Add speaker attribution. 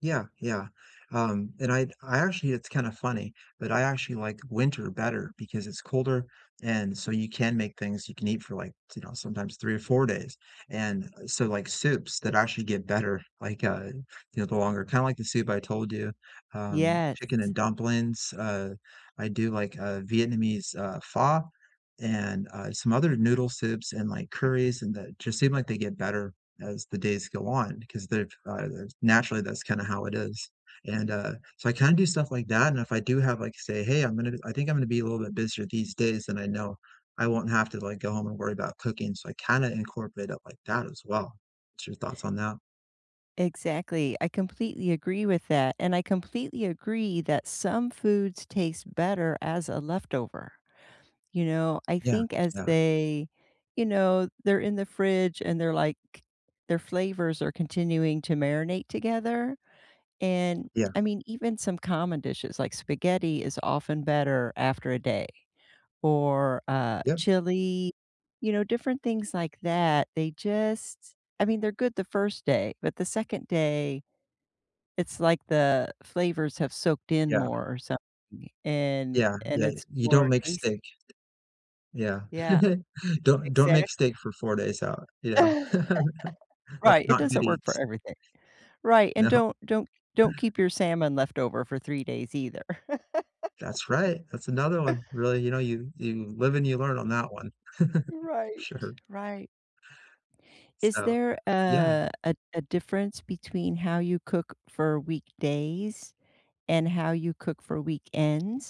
Speaker 1: Yeah, yeah, um, and I I actually it's kinda funny, but I actually like winter better because it's colder and so you can make things you can eat for, like, t you know, sometimes 3 or 4 days, and, so, like, soups that actually get better, like, uh, you know, the longer kinda like the soup I told you, um, chicken
Speaker 2: Yes.
Speaker 1: and dumplings. Uh, I do, like, uh, Vietnamese, uh, pho, and, uh, some other noodle soups, and, like, curries, and that just seem like they get better as the days go on, 'cause they're, uh there's naturally, that's kinda how it is, and, uh so, I kinda do stuff like that, and if I do have, like say, "Hey, I'm gonna I think I'm gonna be a little bit busier these days," and I know I won't have to, like, go home and worry about cooking, so I kinda incorporate up like that as well. What's your thoughts on that?
Speaker 2: Exactly, I completely agree with that, and I completely agree that some foods taste better as a leftover, you know? I
Speaker 1: Yeah,
Speaker 2: think as
Speaker 1: yeah.
Speaker 2: they you know, they're in the fridge and they're, like their flavors are continuing to marinate together, and,
Speaker 1: Yeah.
Speaker 2: I mean, even some common dishes, like spaghetti is often better after a day, or, uh,
Speaker 1: Yep.
Speaker 2: chili you know, different things like that, they just I mean, they're good the 1st day, but the 2nd day, it's like the flavors have soaked in
Speaker 1: Yeah.
Speaker 2: more, or something, and
Speaker 1: Yeah,
Speaker 2: and
Speaker 1: yeah,
Speaker 2: it's
Speaker 1: you don't
Speaker 2: more
Speaker 1: make steak.
Speaker 2: tasty.
Speaker 1: Yeah,
Speaker 2: Yeah.
Speaker 1: don't don't make
Speaker 2: Exactly.
Speaker 1: steak for 4 days out, yeah. That's
Speaker 2: Right, it
Speaker 1: not good
Speaker 2: doesn't work for
Speaker 1: eats.
Speaker 2: everything. Right, and
Speaker 1: No.
Speaker 2: don't don't don't keep your salmon left over for 3 days either.
Speaker 1: That's right, that's another one. Really, you know, you you live and you learn on that one.
Speaker 2: Right,
Speaker 1: Sure.
Speaker 2: right. Is
Speaker 1: So
Speaker 2: there,
Speaker 1: yeah.
Speaker 2: uh, a a difference between how you cook for weekdays and how you cook for weekends?